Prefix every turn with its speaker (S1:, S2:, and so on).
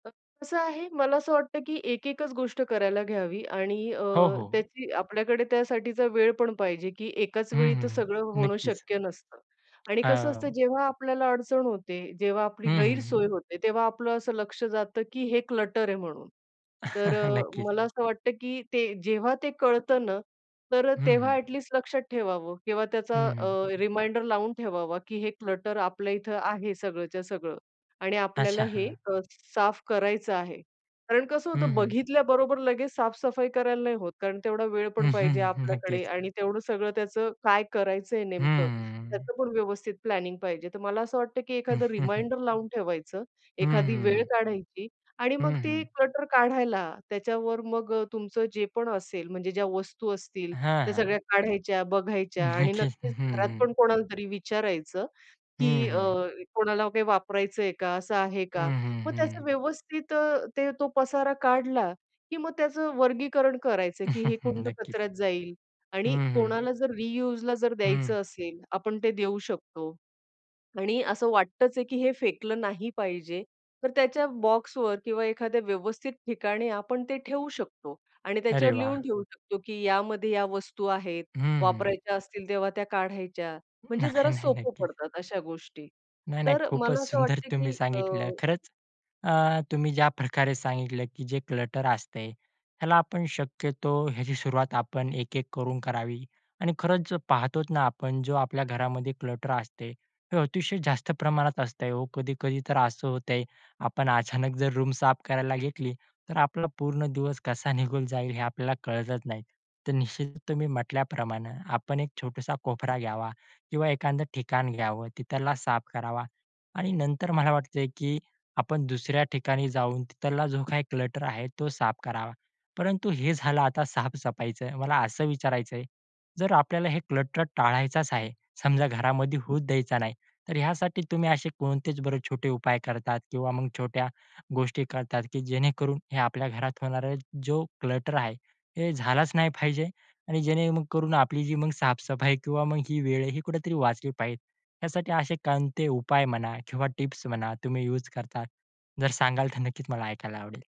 S1: अ, कसं आहे, मला असं वाटतं, की एक-एकच गोष्ट करायला घ्यावी. आणि अ,
S2: हो, हो.
S1: त्याची आपल्याकडे त्यासाठीचा वेळ पण पाहिजे. की एकाच
S2: हं,
S1: वेळी
S2: हं,
S1: तर सगळं
S2: हं.
S1: होणं
S2: नक्कीच.
S1: शक्य नसतं. आणि कसं असतं,
S2: अ
S1: जेव्हा आपल्याला अडचण होते, जेव्हा
S2: हं,
S1: आपली
S2: हं, हं.
S1: गैरसोय होते, तेव्हा आपलं असं लक्ष जातं, की हे क्लटर आहे म्हणून. तर अ,
S2: नक्कीच.
S1: मला असं वाटतं, की ते जेव्हा ते कळतं ना, तर
S2: हं,
S1: तेव्हा
S2: हं.
S1: ॲटलीस्ट लक्षात ठेवावं किंवा
S2: हं,
S1: त्याचा
S2: हं.
S1: अ, रिमाइंडर लावून ठेवावा, की हे क्लटर आपल्या इथं आहे सगळंच्या सगळं आणि
S2: अच्छा,
S1: आपल्याला हे
S2: हां.
S1: अ, साफ करायचं आहे. कारण कसं
S2: हं,
S1: होतं,
S2: हं.
S1: बघितल्या बरोबर लगेच साफ-सफाई करायला नाही होत. कारण तेवढा वेळ पण पाहिजे आपल्याकडे
S2: नक्कीच.
S1: आणि तेवढं सगळं त्याचं काय करायचंय नेमकं
S2: हम्म.
S1: त्याचं पण व्यवस्थित प्लॅनिंग पाहिजे. तर मला असं वाटतं, की एखादं रिमाइंडर लावून ठेवायचं.
S2: हं,
S1: एखादी
S2: हं,
S1: वेळ
S2: हं.
S1: काढायची आणि
S2: हं,
S1: मग ती
S2: हं.
S1: क्लटर काढायला. त्याच्यावर मग तुमचं जे पण असेल म्हणजे ज्या वस्तू असतील
S2: हां,
S1: त्या
S2: हां.
S1: सगळ्या काढायच्या, बघायच्या. आणि
S2: नक्कीच, हं,
S1: नक्कीच घरात
S2: हं.
S1: पण कोणालातरी विचारायचं,
S2: हं,
S1: की अ,
S2: हं.
S1: कोणाला काही वापरायचंय का? असं आहे
S2: हं,
S1: का?
S2: हं,
S1: मग त्याचं
S2: हं.
S1: व्यवस्थित अ, ते तो पसारा काढला, की मग त्याचं वर्गीकरण करायचं, की हे कोणतं
S2: नक्कीच.
S1: कचऱ्यात जाईल.
S2: हं,
S1: आणि
S2: हं.
S1: कोणाला जर रियूजला जर
S2: हं.
S1: द्यायचं असेल आपण ते देऊ शकतो. आणि असं वाटतच आहे, की हे फेकलं नाही पाहिजे, तर त्याच्या बॉक्सवर किंवा एखाद्या व्यवस्थित ठिकाणी आपण ते ठेवू शकतो आणि
S2: अरे
S1: त्याच्यावर
S2: वाह!
S1: लिहून ठेवू शकतो, की यामध्ये या वस्तू आहेत,
S2: हं, हं.
S1: वापरायच्या असतील, तेव्हा त्या काढायच्या. म्हणजे
S2: नाही,
S1: जरा
S2: नाही,
S1: सोपं
S2: नक्कीच.
S1: पडतात अशा गोष्टी.
S2: नाही, नाही,
S1: तर
S2: खूपच
S1: मला असं
S2: सुंदर
S1: वाटतं,
S2: तुम्ही
S1: की
S2: सांगितलं
S1: अ
S2: खरंच. अ, तुम्ही ज्या प्रकारे सांगितलं, की जे क्लटर असते त्याला आपण शक्यतो याची सुरुवात आपण एक-एक करून करावी. आणि खरंच जर पाहतो ना आपण, जो आपल्या घरामध्ये क्लटर असते, हे अतिशय जास्त प्रमाणात असतं हो. कधी-कधी तर असं होतंय, आपण अचानक जर रूम साफ करायला घेतली तर आपला पूर्ण दिवस कसा निघून जाईल हे आपल्याला कळतच नाही. तर निश्चित तुम्ही म्हटल्याप्रमाणे आपण एक छोटासा कोपरा घ्यावा किंवा एखादं ठिकाण घ्यावं, तिथला साफ करावा. आणि नंतर मला वाटतंय, की आपण दुसऱ्या ठिकाणी जाऊन तिथला जो काही क्लटर आहे तो साफ करावा. परंतु हे झालं आता साफ-सफाईचं, मला असं विचारायचं आहे, जर आपल्याला हे क्लटर टाळायचाच आहे, समजा घरामध्ये होऊच द्यायचा नाही. तर यासाठी तुम्ही असे कोणतेच बरे छोटे उपाय करतात किंवा छोट्या गोष्टी करतात, की जेणेकरून हे आपल्या घरात होणारा जो क्लटर आहे हे झालंच नाही पाहिजे? आणि जेणेकरून आपली जी साफ-सफाई किंवा ही वेळही कुठेतरी वाचली पाहिजे यासाठी असे कोणते उपाय म्हणा किंवा टिप्स म्हणा तुम्ही युज करता? जर सांगाल तर नक्कीच मला ऐकायला आवडेल.